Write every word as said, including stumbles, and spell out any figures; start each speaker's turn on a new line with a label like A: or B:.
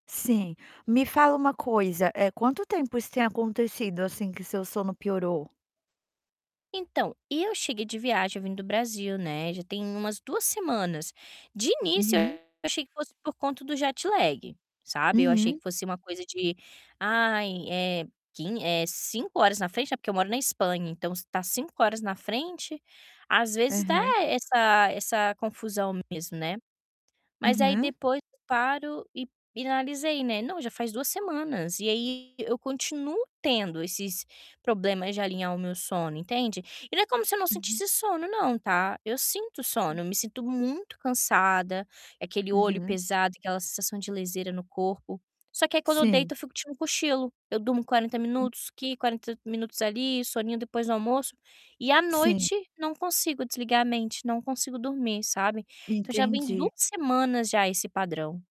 A: Sim. Me fala uma coisa, eh, quanto tempo isso tem acontecido, assim, que seu sono piorou?
B: Então, eu cheguei de viagem vindo do Brasil, né. Já tem umas duas semanas. De início, eu
A: Uhum.
B: achei que fosse por conta do jet lag, sabe. Eu achei que
A: Uhum.
B: fosse ser uma coisa de "ai, é quin é cinco horas na frente, né", porque eu moro na Espanha, então s tá cinco horas na frente, às vezes dá
A: Aham.
B: essa essa confusão mesmo, né. Mas aí
A: Uhum.
B: depoi paro e e analisei, né: "Não, já faz duas semanas". E aí eu continuo tendo esses problemas de alinhar o meu sono, entende? E não é como se eu não
A: Uhum.
B: sentisse sono não, tá. Eu sinto sono,
A: Sim.
B: eu me sinto muito cansada, aquele olho
A: Uhum.
B: pesado, aquela sensação de leseira no corpo, só que aí quando eu
A: Sim.
B: deito eu fico tirando um cochilo, eu durmo quarenta
A: Hum.
B: minutos aqui, quarenta minutos ali, soninho depois do almoço e, à
A: Sim.
B: noite, não consigo desligar a mente, não consigo dormir, sabe. Então já vem
A: Entendi.
B: duas semanas já esse padrão.